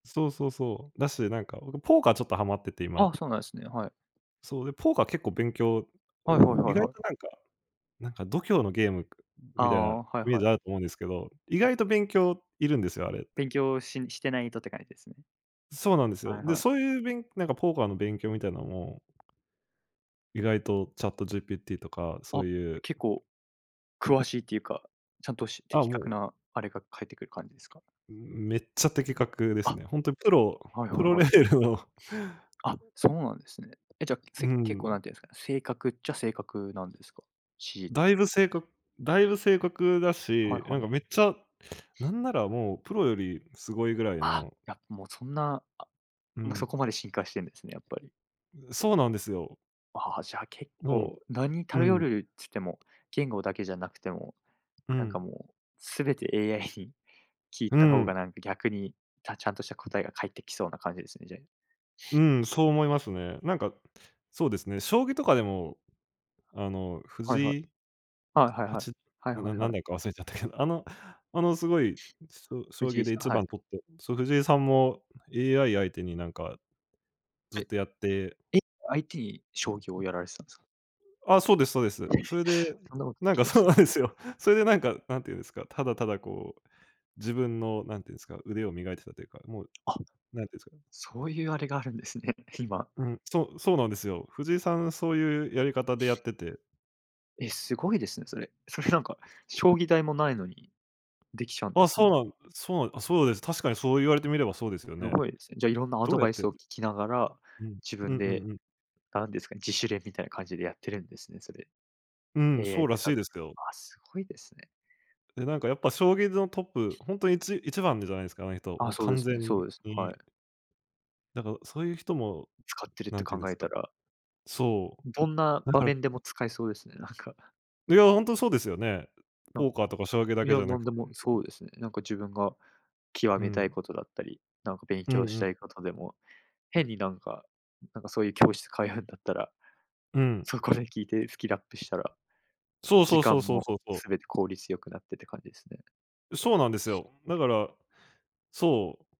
そうそうそう。だし、なんか、おれポーカーちょっとハマってて今。あ、そうなんですね、はい。そう、でポーカー結構勉強うはいはい意はい外はとい。なんかなんか度胸のゲームあみたいなあ、はいイメーはい。ジあると思うんですけど、意外と勉強いるんですよ、あれって。勉強ししてないとって感じですね。そうなんですはよ。いで、はい。そういうべんなんかポーカーの勉強みたいなも意外とチャット GPT とか、そあ、ういう結構詳しいっていうか、ちゃんと、しあ、的も確うなあれが返ってくる感じですか？めっちゃ的確ですあ、ね。ほんとプロはいはプいロはレい。ベルの。あ、そうなんですね。え、じゃ、うせ結構ん。なんて言うんですかね、正確っちゃ正確なんですか？指示っだいて。ぶせいかだいぶ正確だはし、いなはんかい。めっちゃ、なんならもうプロよりすごいぐらいあ、の。いや、もうそんな、あう今そこん。まで進化してんですね、やっぱり。そうなんですよ。ああ、じゃあ結もん、構、なにう頼ん。るっつっても、言語だけじゃなくても、う何かん。もう全て AI に聞いうた方ん。が、何か逆にたちゃんとした答えが返ってきそうな感じですね、じゃ。うん、そう思いますね。なんか、そうですね、将棋とかでも、あのはいはい。藤井、あ、はいははい。ち、はいななはんいは何い。段か忘れちゃったけど、あの、あのすごい、しょ将藤棋井でいさん、ちはばい。ん取って、そう、藤井さんも AI 相手になんか、ずえ。っとやってえ、IT 将棋をやられてたんですか？あ、そうですそうです。それで、そんなことでなんきかるんそすうね。なんですよ。それでなんか、なんて言うんですか、ただーただ、こう自分の何て言うんすか、腕を磨いてたというか、もう、あ、何て言うんすかね。そういうあれがあるんですね、今。うん、そうそうなんですよ。藤井さんそういうやり方でやってて。え、すごいですね、それ。それなんか、将 [unintelligible] 棋台もないのに、できちゃうんであ、すそうね。なんそうなん、あ、そうです。確かにそう言われてみればそうですよやね。ばいですね。じゃ、いろんなアどドうやっバイてやスっを聞てきながら、うん、自うん分うで、んうん。なんですかね、自主練みたいな感じでやってるんですね、それ。うん、そ AI うらつしかいですけど。あ、すごいですね。で、なんかやっぱ将棋のトップ、ほんとに1、1番じゃないですか、あの人、あもあ、うそうで完す全ね、そうです、はい。に。だから、そういう人も、使ってるっなてんて考言うんですえか。たらそどんなう、だ場から面でも使えそうですね、なんか。いや、ほんとそうですよね。なポんーカーとか将棋だいけじや、ゃななんくでても、そうですね。なんか自分が極うめたいん。ことだったり、なんか勉うん強うしん。たいことでも、変になんか、なんかそういう教室通うんだったら、うん。そこで聞いてスキルアップしたら、そう時そうそ間うそうもそう、そう。すべて効率良くなってって感じですね。そうなんですよ。だからそう。